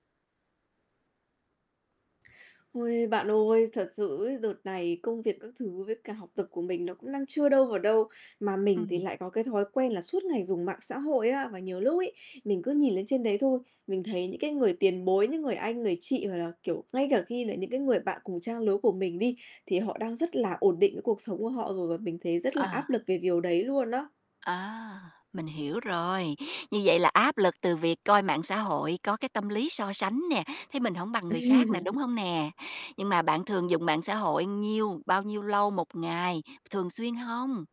Ôi, bạn ơi, thật sự ấy, đợt này công việc các thứ với cả học tập của mình nó cũng đang chưa đâu vào đâu, mà mình thì Ừm. lại có cái thói quen là suốt ngày dùng mạng xã hội á. Và nhiều lúc ấy, mình cứ nhìn lên trên đấy thôi, mình thấy những cái người tiền bối, những người anh, người chị hoặc là, kiểu, ngay cả khi là những cái người bạn cùng trang lứa của mình đi, thì họ đang rất là ổn định với cuộc sống của họ rồi và mình thấy rất là áp À. lực về điều đấy luôn á. À, mình hiểu rồi. Như vậy là áp lực từ việc coi mạng xã hội, có cái tâm lý so sánh nè, thấy mình hổng bằng người khác nè, đúng Ừm. hông nè? Nhưng mà bạn thường dùng mạng xã hội nhiêu bao nhiêu lâu 1 ngày, thường xuyên hông?